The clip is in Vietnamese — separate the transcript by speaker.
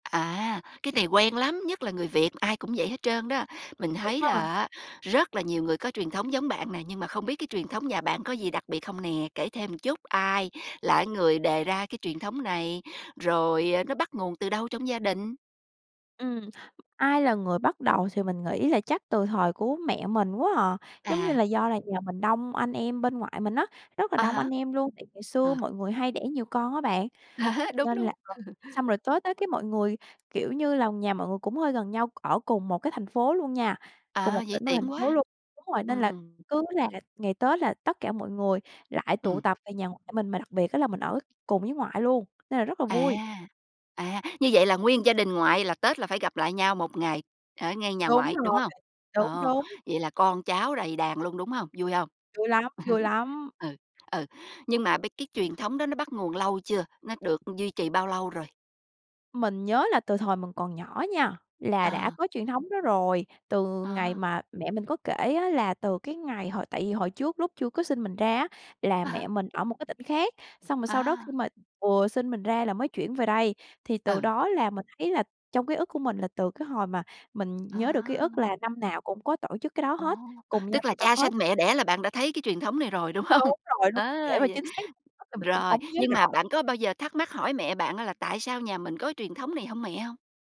Speaker 1: À, cái này quen lắm, nhất là người Việt ai cũng vậy hết trơn đó. Mình
Speaker 2: Đúng
Speaker 1: thấy
Speaker 2: ha.
Speaker 1: là á rất là nhiều người có truyền thống giống bạn nè, nhưng mà không biết cái truyền thống nhà bạn có gì đặc biệt không nè? Kể thêm một chút, ai là cái người đề ra cái truyền thống này? Rồi, ờ, nó bắt nguồn từ đâu trong gia đình?
Speaker 2: Ừm, ai là người bắt đầu thì mình nghĩ là chắc từ thời của mẹ mình quá à. Giống như
Speaker 1: À.
Speaker 2: là, do là nhà mình đông anh em bên ngoại mình á, rất là
Speaker 1: À
Speaker 2: đông anh
Speaker 1: há.
Speaker 2: em luôn, tại ngày xưa
Speaker 1: À.
Speaker 2: mọi người hay đẻ nhiều con á bạn,
Speaker 1: À há, đúng,
Speaker 2: nên là
Speaker 1: đúng!
Speaker 2: xong rồi tới Tết cái mọi người kiểu như là, nhà mọi người cũng hơi gần nhau, ở cùng một cái thành phố luôn nha, cùng
Speaker 1: À,
Speaker 2: một
Speaker 1: vậy
Speaker 2: tỉnh và thành
Speaker 1: tiện quá.
Speaker 2: phố luôn đúng rồi, nên là
Speaker 1: Ừm.
Speaker 2: cứ là ngày Tết là tất cả mọi người lại tụ
Speaker 1: Ừm.
Speaker 2: tập về nhà ngoại mình, mà đặc biệt á là mình ở cùng với ngoại luôn, nên là rất là
Speaker 1: À,
Speaker 2: vui.
Speaker 1: à, như vậy là nguyên một gia đình ngoại là Tết là phải gặp lại nhau 1 ngày ở ngay nhà
Speaker 2: Đúng
Speaker 1: ngoại, đúng
Speaker 2: rồi b
Speaker 1: hông?
Speaker 2: đúng,
Speaker 1: Ồ,
Speaker 2: đúng!
Speaker 1: vậy là con cháu đầy đàn luôn, đúng hông? Vui hông?
Speaker 2: Vui lắm, vui lắm!
Speaker 1: Ừ, ừ, nhưng mà bây cái truyền thống đó nó bắt nguồn lâu chưa? Nó được duy trì bao lâu rồi?
Speaker 2: Mình nhớ là từ thời mình còn nhỏ nha là đã
Speaker 1: À.
Speaker 2: có truyền thống đó rồi. Từ ngày
Speaker 1: À.
Speaker 2: mà mẹ mình có kể á là từ cái ngày hồi tại vì hồi trước lúc chưa có sinh mình ra á, là
Speaker 1: À há.
Speaker 2: mẹ mình ở một cái tỉnh khác, xong rồi sau đó khi
Speaker 1: À.
Speaker 2: mà vừa sinh mình ra là mới chuyển về đây, thì từ
Speaker 1: Ừ.
Speaker 2: đó là mình thấy là trong ký ức của mình là từ cái hồi mà mình
Speaker 1: À.
Speaker 2: nhớ được ký ức là năm nào cũng có tổ chức cái đó
Speaker 1: Ồ,
Speaker 2: hết, cùng nhau
Speaker 1: tức là
Speaker 2: tụ tập
Speaker 1: cha
Speaker 2: hết.
Speaker 1: sanh mẹ đẻ là bạn đã thấy cái truyền thống này rồi, đúng hông?
Speaker 2: Đúng rồi, đúng,
Speaker 1: Ờ,
Speaker 2: để mà
Speaker 1: vậy
Speaker 2: chính xác [unintelligible] thì mình cũng
Speaker 1: rồi,
Speaker 2: hổng nhớ
Speaker 1: nhưng mà
Speaker 2: rõ.
Speaker 1: bạn có bao giờ thắc mắc hỏi mẹ bạn á là "Tại sao nhà mình có truyền thống này hông mẹ?" hông?